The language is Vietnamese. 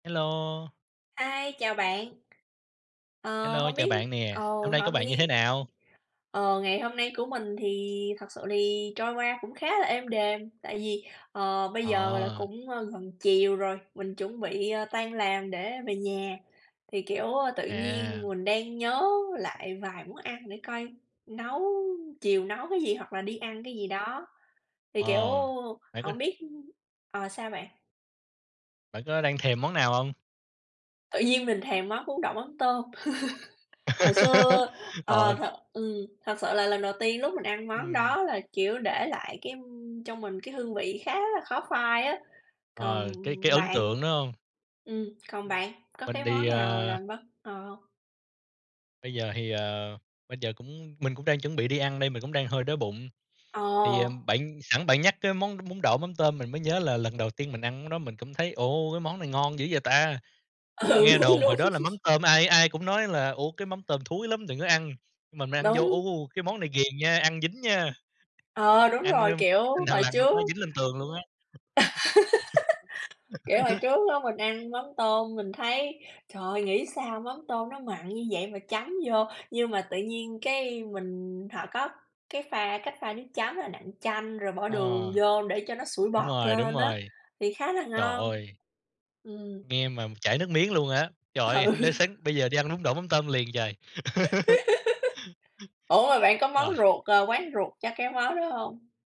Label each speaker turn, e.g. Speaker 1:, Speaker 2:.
Speaker 1: Hello.
Speaker 2: Hi, chào bạn. Ờ,
Speaker 1: Hello,
Speaker 2: hông
Speaker 1: chào
Speaker 2: biết
Speaker 1: bạn nè,
Speaker 2: ừ,
Speaker 1: hôm nay của
Speaker 2: hổng
Speaker 1: bạn như thế
Speaker 2: bi
Speaker 1: nào?
Speaker 2: ờ, ngày hôm nay của mình thì thật sự thì trôi qua cũng khá là êm đềm, tại vì, ờ, bây giờ, gọi là,
Speaker 1: Ờ.
Speaker 2: cũng, a, gần chiều rồi, mình chuẩn bị, ờ, tan làm để về nhà, thì, kiểu, ơ, tự nhiên
Speaker 1: À.
Speaker 2: mình đang nhớ lại vài món ăn để coi nấu chiều nấu cái gì, hoặc là đi ăn cái gì đó, thì, kiểu,
Speaker 1: Ờ, bạn có
Speaker 2: hổng biết ờ, sao bạn?
Speaker 1: bạn có đang thèm món nào hông?
Speaker 2: Tự nhiên mình thèm món bún đậu mắm tôm. Hồi xưa,
Speaker 1: Ờ.
Speaker 2: ờ, thật ừm, thật sự là lần đầu tiên lúc mình ăn món
Speaker 1: Ừm.
Speaker 2: đó là, kiểu, để lại cái, ưm, trong mình cái hương vị khá là khó phai á. Còn
Speaker 1: Ờ, cái cái ấn
Speaker 2: bạn?
Speaker 1: tượng đó hông?
Speaker 2: Ừm, còn
Speaker 1: Ừm,
Speaker 2: bạn có
Speaker 1: mình
Speaker 2: cái
Speaker 1: đi,
Speaker 2: món nào
Speaker 1: à
Speaker 2: làm bất ngờ hông?
Speaker 1: bây giờ thì, ờ, bây giờ cũng mình cũng đang chuẩn bị đi ăn đây, mình cũng đang hơi đói bụng.
Speaker 2: Ờ.
Speaker 1: Thì, à, bạn sẵn bạn nhắc cái món bún đậu mắm tôm, mình mới nhớ là lần đầu tiên mình ăn cái đó mình cũng thấy, ồ, cái món này ngon dữ vậy ta.
Speaker 2: Ừ,
Speaker 1: Nghe
Speaker 2: đúng,
Speaker 1: đồn
Speaker 2: đúng.
Speaker 1: hồi đó là mắm tôm, ai ai cũng nói là "Ủa? Cái mắm tôm thúi lắm đừng có ăn." Mà mình ăn vô,
Speaker 2: Đúng.
Speaker 1: ú, u, cái món này ghiền nha, ăn dính nha,
Speaker 2: Ờ, đúng
Speaker 1: ăn,
Speaker 2: rồi,
Speaker 1: a,
Speaker 2: kiểu,
Speaker 1: thằn
Speaker 2: hồi
Speaker 1: lằn nó
Speaker 2: trước
Speaker 1: có dính lên tường luôn á.
Speaker 2: kiểu, hồi trước á mình ăn mắm tôm mình thấy, trời ơi, nghĩ sao mắm tôm nó mặn như vậy mà chấm vô? Nhưng mà tự nhiên cái mình họ có cái pha cách pha nước chấm là nặn chanh, rồi bỏ
Speaker 1: Ờ,
Speaker 2: đường vô để cho nó sủi
Speaker 1: đúng
Speaker 2: bọt
Speaker 1: rồi, đúng
Speaker 2: lên á,
Speaker 1: rồi.
Speaker 2: thì khá là
Speaker 1: Trời
Speaker 2: ngon.
Speaker 1: ơi.
Speaker 2: Ừm.
Speaker 1: Nghe mà chảy nước miếng luôn á. Trời
Speaker 2: Ừ.
Speaker 1: ơi, hổng lẽ sáng bây giờ đi ăn bún đậu mắm tôm liền trời?
Speaker 2: Ủa, mà bạn có món
Speaker 1: Rồi.
Speaker 2: ruột ờ, quán ruột cho cái món đó hông?